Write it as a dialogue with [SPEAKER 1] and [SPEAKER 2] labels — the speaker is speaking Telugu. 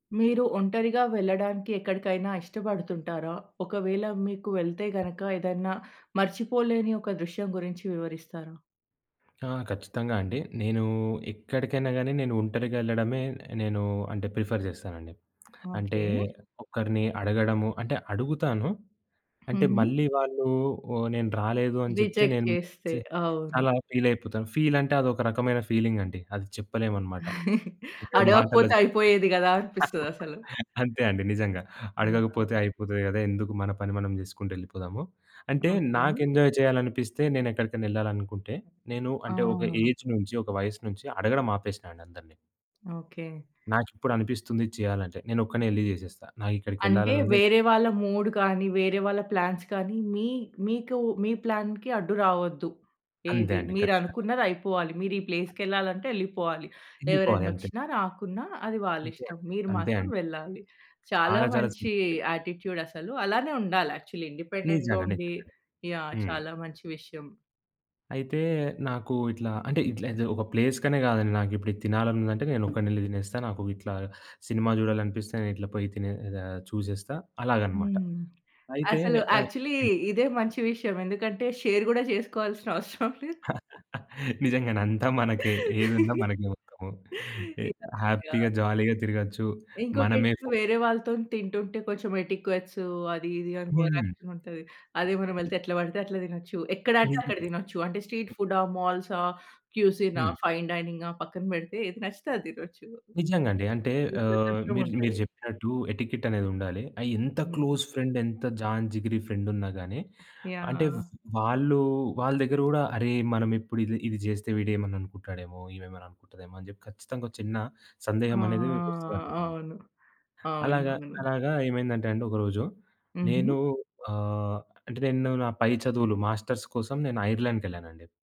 [SPEAKER 1] మీరు ఒంటరిగా వెళ్ళడానికి ఎక్కడికైనా ఇష్టపడుతుంటారా? ఒకవేళ మీకు వెళ్తే గనుక ఏదైనా మర్చిపోలేని ఒక దృశ్యం గురించి వివరిస్తారా?
[SPEAKER 2] ఆ! ఖచ్చితంగా అండి. నేను ఎక్కడికైనా గాని నేను ఒంటరిగా ఎళ్ళడమే నేను అంటే ప్రిఫర్ జేస్తానండి. అంటే
[SPEAKER 1] ఓకే.
[SPEAKER 2] ఒకరిని అడగడము అంటే అడుగుతాను. అంటే
[SPEAKER 1] హుహు.
[SPEAKER 2] మళ్ళీ వాళ్ళు, నేను రాలేదు అని చెప్తే
[SPEAKER 1] రిజెక్ట్
[SPEAKER 2] నేను
[SPEAKER 1] చేస్తే.
[SPEAKER 2] చా
[SPEAKER 1] అవును.
[SPEAKER 2] చాలా ఫీల్ అయిపోతాను. ఫీల్ అంటే అది ఒక రకమైన ఫీలింగ్ అండి. అది చెప్పలేమన్నమాట. అంటే మాటల్లో
[SPEAKER 1] అడగకపోతే
[SPEAKER 2] చెప్పలేం.
[SPEAKER 1] అయిపోయేది గదా అనిపిస్తది అసలు.
[SPEAKER 2] అంతే అండి నిజంగా. అడగకపోతే
[SPEAKER 1] యాహ్.
[SPEAKER 2] అయిపోతది కదా. ఎందుకు మన పని మనం జేసుకుంటూ ఎళ్ళిపోదాము. అంటే
[SPEAKER 1] ఓకే.
[SPEAKER 2] నాకు ఎంజాయ్ చేయాలనిపిస్తే నేనెక్కడికైనా ఎళ్ళాలనుకుంటే నేను అంటే ఒక
[SPEAKER 1] ఆ!
[SPEAKER 2] ఏజ్ నుంచి ఒక వయస్సు నుంచి అడగడం ఆపేసినా అండి అందరిని.
[SPEAKER 1] ఓకే.
[SPEAKER 2] నాకిప్పుడు అనిపిస్తుంది ఇది చేయాలంటే నేనొక్కడినే ఎళ్లి జేసేస్తా.
[SPEAKER 1] అంటే
[SPEAKER 2] నాకిక్కడికెళ్ళాలనుంది
[SPEAKER 1] వేరే వాళ్ళ మూడ్ గానీ, వేరే వాళ్ళ ప్లాన్స్ కానీ మీ మీకు మీ ప్లాన్‌కి అడ్డు రావద్దు.
[SPEAKER 2] అంతే
[SPEAKER 1] ఏది
[SPEAKER 2] అండి. ఖచ్చితంగా.
[SPEAKER 1] మీరనుకున్నదయిపోవాలి. మీరు ఈ ప్లేస్‌కెళ్ళాలి అంటే ఎళ్లిపోవాలి.
[SPEAKER 2] ఎళ్ళిపోవాలి అంతే.
[SPEAKER 1] ఎవరైనొచ్చినా రాకున్నా అది
[SPEAKER 2] అంతే
[SPEAKER 1] వాళ్లిష్టం. మీరు
[SPEAKER 2] అంతే
[SPEAKER 1] మాత్రం
[SPEAKER 2] అండి.
[SPEAKER 1] వెళ్ళాలి. చాలా
[SPEAKER 2] చాలా చాలా
[SPEAKER 1] మంచి
[SPEAKER 2] సింపుల్ అండి.
[SPEAKER 1] యాటిట్యూడ్ అసలు. అలానే ఉండాలి యాక్చువల్లీ.
[SPEAKER 2] నిజంగా.
[SPEAKER 1] ఇండిపెండెంట్‌గా
[SPEAKER 2] నిజంగానే.
[SPEAKER 1] ఉండి యాహ్!
[SPEAKER 2] హ్మ్.
[SPEAKER 1] చాలా మంచి విషయం.
[SPEAKER 2] అయితే నాకు ఇట్లా అంటే ఇట్లా అదే ఒక ప్లేస్ కనే గాదండి, నాకిప్పుడిది తినాలనుందంటే నేనొక్కడినెళ్లి తినేస్తా. నాకు ఇట్లా సినిమా జూడాలనిపిస్తే నేనిట్లా పోయి తినే అద్ చూసేస్తా అలాగనమాట.
[SPEAKER 1] హ్మ్.
[SPEAKER 2] అయితే
[SPEAKER 1] అసలు
[SPEAKER 2] ఆహ్
[SPEAKER 1] యాక్చువల్లీ
[SPEAKER 2] హ్మ్.
[SPEAKER 1] ఇదే మంచి విషయం. ఎందుకంటే షేర్ గూడా చేసుకోవాల్సిన అవసరం లేదు.
[SPEAKER 2] నిజంగానే, అంతా మనకే. ఏదున్నా మనకే మొత్తము. ఎ
[SPEAKER 1] యాహ్! యాహ్!
[SPEAKER 2] హ్యాపీగా జాలీగా తిరగొచ్చు. మనమే
[SPEAKER 1] ఇంకోటేంటంటే,
[SPEAKER 2] ఫో
[SPEAKER 1] వేరే వాళ్ళతోని తింటుంటే కొంచెం ఎటిక్వెట్స్ అది ఇది అని ఓవర్
[SPEAKER 2] హ్మ్.
[SPEAKER 1] యాక్షన్ ఉంటది. అదే మనం వెళ్తే ఎట్లా పడితే అట్లా దినొచ్చు. ఎక్కడంటే అక్కడ దినొచ్చు. అంటే స్ట్రీట్ ఫుడా, మాల్సా, క్యూసినా,
[SPEAKER 2] హ్మ్.
[SPEAKER 1] ఫైన్ డైనింగా పక్కన పెడితే ఏది నచ్చితే అది తినొచ్చు.
[SPEAKER 2] నిజంగా అండి. అంటే
[SPEAKER 1] ఈ
[SPEAKER 2] ఆహ్,
[SPEAKER 1] స్వతంత్రం
[SPEAKER 2] మీరు మీరు
[SPEAKER 1] ఉంటది.
[SPEAKER 2] జెప్పినట్టు ఎటికెట్ అనేదుండాలి. ఆహ్, ఎంత
[SPEAKER 1] హ్మ్.
[SPEAKER 2] క్లోజ్ ఫ్రెండ్ ఎంత జాన్ జిగిరి ఫ్రెండ్ ఉన్నా గాని అంటే
[SPEAKER 1] యాహ్!
[SPEAKER 2] వాళ్ళు వాళ్ళ దగ్గర కూడా అరె! మనం ఇప్పుడు ఇది ఇది జేస్తే వీడేమన్నా అనుకుంటాడేమో, ఈమేమేమన్నా అనుకుంటదేమో అని చెప్పి ఖచ్చితంగా ఒక చిన్న
[SPEAKER 1] ఆ!
[SPEAKER 2] సందేహం అనేది మీకు వస్తదన్నమాట.
[SPEAKER 1] అవును. అవును.
[SPEAKER 2] అలాగా
[SPEAKER 1] అవును.
[SPEAKER 2] అలాగా ఏమైందంటే అండి ఒకరోజు నేను
[SPEAKER 1] హుహు.
[SPEAKER 2] ఆహ్, అంటే నేను నా పై చదువులు మాస్టర్స్ కోసం నేను ఐర్లాండ్‌కెళ్ళానండి.